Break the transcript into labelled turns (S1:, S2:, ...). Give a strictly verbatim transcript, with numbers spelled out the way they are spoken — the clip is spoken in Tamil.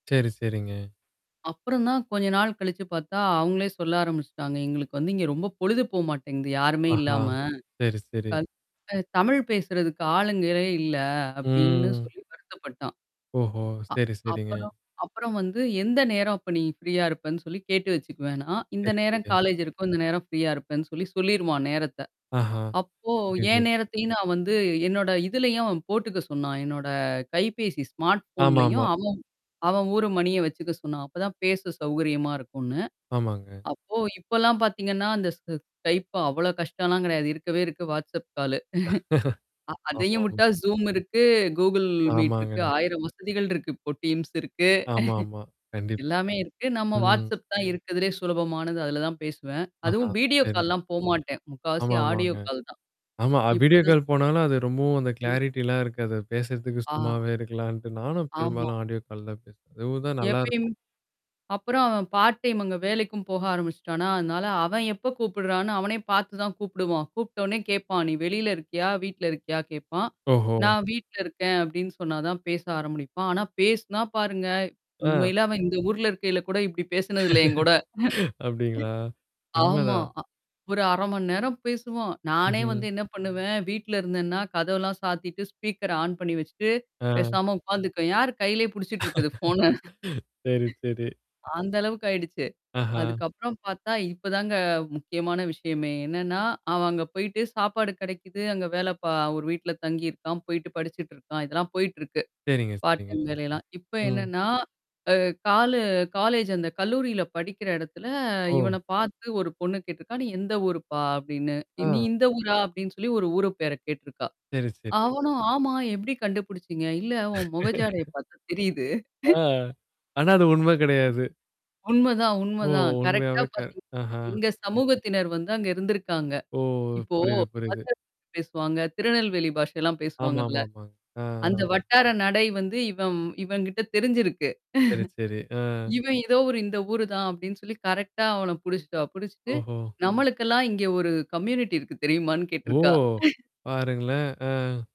S1: செரி, செரிங்க.
S2: அப்புறம் தான் கொஞ்ச நாள் கழிச்சு பார்த்தா, அவங்களே சொல்ல ஆரம்பிச்சுட்டாங்க. எங்களுக்கு வந்து இங்க ரொம்ப பொழுது போக மாட்டேங்குது யாருமே
S1: ஆஹா.
S2: இல்லாம.
S1: செரி, செரி.
S2: [unintelligible] அ தமிழ் பேசுறதுக்கு ஆளுங்களே இல்லை அப்படின்னு
S1: ம்.
S2: சொல்லி வருத்தப்பட்டான்.
S1: ஓஹோ!
S2: அ
S1: செரி, செரிங்க.
S2: அப்புறம். அப்புறம் வந்து எந்த நேரம் அப்போ நீ ஃப்ரீயா இருப்பேன்னு சொல்லி கேட்டு வச்சுக்குவேன் நான். இந்த
S1: செரி,
S2: நேரம்
S1: செரி.
S2: காலேஜ் இருக்கும், இந்த நேரம் ஃப்ரீயா இருப்பேன்னு சொல்லி சொல்லிடுவான் நேரத்தை.
S1: ஆஹா.
S2: அப்போ
S1: புரிது.
S2: என் நேரத்தையும் நான் வந்து என்னோட இதிலேயும் அவன் போட்டுக்க சொன்னான் என்னோட கைபேசி ஸ்மார்ட் ஃபோன்லேயும்
S1: ஆமாமா.
S2: அவன் அவன் ஊர் மணியை வச்சுக்க சொன்னான், அப்போதான் பேச சௌகரியமா இருக்கும்னு.
S1: ஆமாங்க.
S2: அப்போ இப்போலாம் பார்த்தீங்கன்னா, அந்த Skypeபா அவ்வளோ கஷ்டம்லாம் கிடையாது, இருக்கவே இருக்கு WhatsApp காலு. அ அதையும்
S1: ஆமாம்.
S2: விட்டா Zoom இருக்கு. Google Meet இருக்கு.
S1: ஆமாங்க.
S2: ஆயிரம் வசதிகள் இருக்கு. இப்போ டீம்ஸ் இருக்கு.
S1: ஆமா, ஆமா. கண்டிப்
S2: எல்லாமே இருக்கு. நாம்ம
S1: ம்.
S2: WhatsApp தான் இருக்குறதுலேயே சுலபமானது, அதுல தான் பேசுவேன்.
S1: ஆஹா.
S2: அதுவும் வீடியோ
S1: செரி.
S2: கால்லாம் போமாட்டேன். முக்காவாசி
S1: ஆமா,
S2: ஆடியோ
S1: ஆமாங்க.
S2: கால் தான்.
S1: ஆமா
S2: இப்படி
S1: வீடியோ
S2: தான்
S1: கால் போனாலும் அது ரொம்பவும் அந்த
S2: ம்.
S1: கிளாரிட்டி எல்லாம் இருக்காது. அத பேசுறதுக்கு
S2: ஆ.
S1: சும்மாவே இருக்கலாம்னுட்டு நானும்
S2: ஆமா.
S1: பெரும்பாலும் ஆடியோ கால் தான் பேசுவேன். அதுவும் தான் நல்லா இருக்கும்.
S2: எப்பயுமே அப்புறம் அவன் பார்ட் டைம் அங்கே வேலைக்கும் போக ஆரம்பிச்சுட்டானா, அதனால அவன் எப்போ கூப்பிடுறான்னு அவனே பாத்து தான் கூப்பிடுவான். கூப்பிட்ட உடனே கேட்பான், நீ வெளியில இருக்கியா? வீட்டுல இருக்கியா? கேட்பான்
S1: ஓஹோ!
S2: நான் வீட்டில இருக்கேன் அப்படின்னு சொன்னாதான் பேச ஆரம்பினிபான் ஆனா பேசுனா பாருங்க,
S1: அ.
S2: உண்மையிலே அவன் இந்த ஊர்ல இருக்கையில கூட இப்படி பேசினது இல்லை என்கூட.
S1: அப்படிங்களா?
S2: ஆமா.
S1: உண்மதான்.
S2: அ ஒரு அரை மணி நேரம் பேசுவோம். நானே
S1: ம்ஹ்ம்.
S2: வந்து என்ன பண்ணுவேன், வீட்ல இருந்தேனா கதவெல்லாம் சாத்திட்டு ஸ்பீக்கர் ஆன் பண்ணி வச்சுட்டு
S1: அ.
S2: பேசாம உட்கார்ந்துக்குவேன். யாரு கையிலேயே பிடிச்சிட்டு இருக்கறது ஃபோன?
S1: சரி, சரி.
S2: அந்த அளவுக்கு ஆயிடுச்சு.
S1: அஹ.
S2: அதுக்கப்புறம் பார்த்தா இப்போதாங்க முக்கியமான விஷயமே என்னென்னா அவன் அங்கே போயிட்டு சாப்பாடு கிடைக்குது அங்கே வேலை பா ஒரு வீட்டுல தங்கியிருக்கிறான், போயிட்டு படிச்சிட்டு இருக்கான். இதெல்லாம் போயிட்டிருக்கு
S1: செரிங்க
S2: பார்ட்
S1: செரிங்க.
S2: டைம் வேலையெல்லாம். இப்போ
S1: ம்.
S2: என்னன்னா அ காலு காலேஜ் அந்த கல்லூரியில படிக்கிற இடத்துல
S1: ஓ!
S2: இவனைப் பார்த்து ஒரு பொண்ணு கேட்டிருக்கா, நீ எந்த ஊருப்பா? அப்படின்னு. நீ
S1: அ.
S2: இந்த ஊரா? அப்படின்னு சொல்லி ஒரு ஊரு பெர கேட்டிருக்கா.
S1: செரி, செரி.
S2: அவனும் ஆமா. எப்படி கண்டுபிடிச்சீங்க இல்லை உன் முகஜாடையை பார்த்தா தெரியுது.
S1: அ, ஆனா அது உண்மை கிடையாது.
S2: உண்மைதான்,
S1: ஓ!
S2: உண்மைதான். கரெக்ட்டா
S1: உண்மையாவே கற்
S2: பார்த்தீங்கன்னா
S1: அஹ்.
S2: எங்க சமூகத்தினர் வந்து அங்க இருந்திருக்காங்க.
S1: ஓ,
S2: இப்போ
S1: புரியுது, புரியுது.
S2: [unintelligible] பேசுவாங்க. திருநெல்வேலி பாஷை எல்லாம்
S1: ஆமா,
S2: பேசுவாங்கல்ல.
S1: ஆமா, ஆமா. அ.
S2: அந்த
S1: அ. அ.
S2: வட்டார நடை வந்து இவன் இவன் கிட்ட தெரிஞ்சிருக்கு.
S1: செரி, செரி. அ.
S2: இவன் ஏதோ ஒரு இந்த ஊரு தான் அப்படின்னு சொல்லி கரெக்ட்டா அவன பிடிச்சிட்டா. பிடிச்சிட்டு
S1: ஓஹோ!
S2: நம்மளுக்கெல்லாம் இங்க ஒரு கம்யூனிட்டி இருக்கு தெரியுமான்னு
S1: ஓ
S2: கேட்டுருக்கா.
S1: பாருங்களேன். அ.